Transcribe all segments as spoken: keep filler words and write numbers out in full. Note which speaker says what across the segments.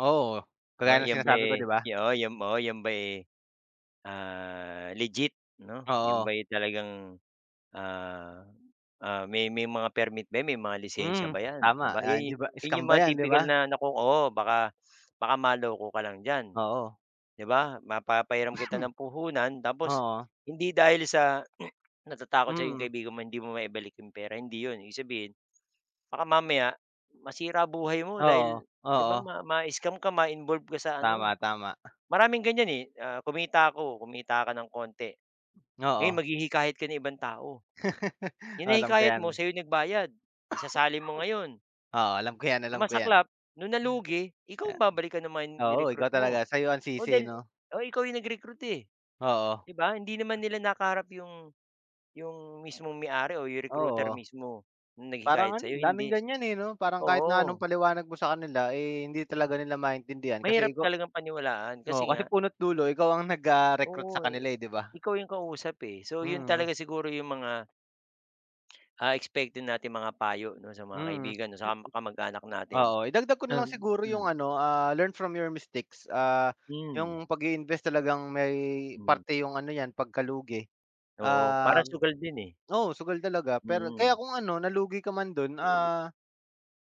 Speaker 1: Oo.
Speaker 2: Oh,
Speaker 1: Kagaya ng
Speaker 2: yan ba,
Speaker 1: sinasabi ko,
Speaker 2: eh,
Speaker 1: 'di ba?
Speaker 2: yu oh yom oo, yan ba, eh, ah, legit 'no? 'Yon
Speaker 1: Oo.
Speaker 2: ba, eh, talagang ah ah, may may mga permit ba yan, may mga lisensiya
Speaker 1: Mm,
Speaker 2: ba yan? 'Di
Speaker 1: tama.
Speaker 2: ba
Speaker 1: Ah,
Speaker 2: iya'y
Speaker 1: hindi ba
Speaker 2: yun
Speaker 1: scam
Speaker 2: yung
Speaker 1: ba
Speaker 2: mga
Speaker 1: 'yan, 'di
Speaker 2: tipikal
Speaker 1: ba?
Speaker 2: na naku oo baka baka maloko ka lang diyan,
Speaker 1: Oo.
Speaker 2: di ba? Mapapahiram kita ng puhunan, tapos
Speaker 1: Oo.
Speaker 2: hindi dahil sa natatakot sa yung
Speaker 1: Mm.
Speaker 2: kaibigan mo, hindi mo maibalik yung pera, hindi 'yon. Ibig sabihin, baka mamaya masira buhay mo, dahil
Speaker 1: Oo.
Speaker 2: 'di ba,
Speaker 1: Oo.
Speaker 2: ma mascam ka, ma-involve ka sa ano.
Speaker 1: Tama, tama.
Speaker 2: Maraming ganyan, eh, ah, kumita ko, kumita ka nang kaunti, ngayon
Speaker 1: Oo.
Speaker 2: maghihikayat ka ng ibang tao. Yung
Speaker 1: Alam ko
Speaker 2: nahikayat mo,
Speaker 1: yan.
Speaker 2: sa'yo nagbayad, isasali mo ngayon.
Speaker 1: Oo, alam ko yan,
Speaker 2: Ang
Speaker 1: alam ko yan.
Speaker 2: masaklap nung nalugi, ikaw ang babalikan naman ng mga in
Speaker 1: Ya oo,
Speaker 2: ni-recruit
Speaker 1: ikaw
Speaker 2: mo.
Speaker 1: talaga, sa'yo ang
Speaker 2: O
Speaker 1: sisi
Speaker 2: dahil
Speaker 1: 'no?
Speaker 2: oh, ikaw yung nag-recruit, eh.
Speaker 1: Oo.
Speaker 2: Di ba, hindi naman nila nakaharap yung yung mismong may-ari o yung recruiter
Speaker 1: Oo.
Speaker 2: mismo. Yung
Speaker 1: Parang
Speaker 2: naghikayat
Speaker 1: ano,
Speaker 2: sa'yo,
Speaker 1: daming
Speaker 2: hindi.
Speaker 1: ganyan, eh, no? Parang kahit na anong
Speaker 2: Oo.
Speaker 1: paliwanag mo sa kanila, eh, hindi talaga nila maintindihan.
Speaker 2: Mahirap
Speaker 1: Kasi ikaw
Speaker 2: talagang paniwalaan,
Speaker 1: oo,
Speaker 2: kasi
Speaker 1: kasi
Speaker 2: nga
Speaker 1: puno't dulo ikaw ang nag, ah, recruit sa
Speaker 2: Oo, eh
Speaker 1: kanila, eh, 'di ba?
Speaker 2: ikaw yung kausap, eh. So 'yon
Speaker 1: Mhm.
Speaker 2: talaga siguro yung mga ah, expect din nating mga payo 'no, sa mga
Speaker 1: Mhm.
Speaker 2: kaibigan 'no, sa kam kamag-anak natin.
Speaker 1: Oo. Idagdag ko na lang
Speaker 2: Um,
Speaker 1: siguro yung
Speaker 2: hmm.
Speaker 1: ano, ah, learn from your mistakes. Ah,
Speaker 2: Hmm.
Speaker 1: yung pag-iinvest talagang may
Speaker 2: Hmm.
Speaker 1: parte yung ano yan, pagkalugi.
Speaker 2: Oo, parang
Speaker 1: Um,
Speaker 2: sugal din, eh.
Speaker 1: oo, sugal talaga pero kaya
Speaker 2: Mhm.
Speaker 1: kung ano nalugi ka man do'n, ah,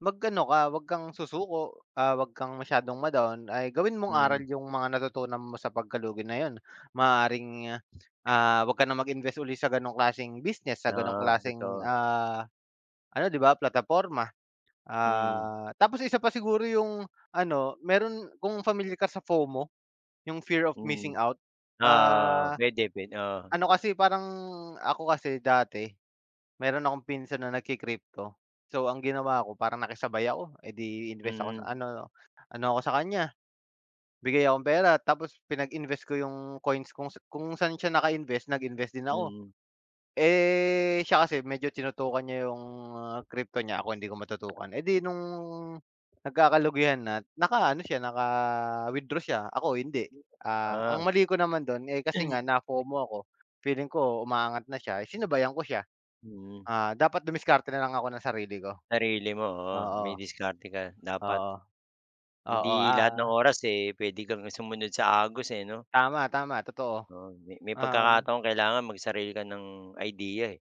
Speaker 1: mag-ano ka, 'wag kang susuko. Ah, 'wag kang masyadong ma-down. Ay, gawin mong aral
Speaker 2: Hmm.
Speaker 1: yung mga natutunan mo sa pagkalugi na 'yon. Maaaring, ah, ah, 'wag ka na mag-invest uli sa gano'ng klaseng business, sa ganong
Speaker 2: Oo,
Speaker 1: klaseng,
Speaker 2: totoo.
Speaker 1: ah, ano 'di ba, plataporma.
Speaker 2: Mm.
Speaker 1: Ah, tapos isa pa siguro yung ano, meron kung familiar ka sa fo-mo, yung fear of missing
Speaker 2: [unintelligible] Oo,
Speaker 1: out.
Speaker 2: oo.
Speaker 1: Ah,
Speaker 2: Pwede, pwe oo.
Speaker 1: ano kasi parang, ako kasi dati, meron akong pinsan na nagki-crypto so, ang ginawa ko parang nakisabay ako. Eh, di invest ako sa
Speaker 2: Mm.
Speaker 1: ano ano ako sa kanya, bigay akong pera. Tapos pinag-invest ko yung coins kung kung saan siya naka-invest, nag-invest din ako.
Speaker 2: Mhm.
Speaker 1: Eh, siya kasi medyo tinutukan niya yung, ah, crypto niya, ako hindi ko matutukan. Eh, di nung nagkakalugihan na, naka-ano siya, naka-withdraw siya, ako hindi.
Speaker 2: [unintelligible]
Speaker 1: Ah,
Speaker 2: Ah.
Speaker 1: ang mali ko naman do'n, eh, kasi nga na-fo-mo ako, feeling ko umaangat na siya, sinabayan ko siya.
Speaker 2: Mm.
Speaker 1: Ah, dapat dumiskarte na lang ako ng sarili ko.
Speaker 2: Sarili mo, oo. May
Speaker 1: Oo.
Speaker 2: diskarte ka, dapat.
Speaker 1: Oo. Oo,
Speaker 2: Hindi lahat ng
Speaker 1: ah
Speaker 2: oras, eh, pwede kang sumunod sa agos, eh, no?
Speaker 1: Tama, tama, totoo.
Speaker 2: Oo, me may
Speaker 1: Um
Speaker 2: pagkakataon kailangan magsarili ka ng idea, eh.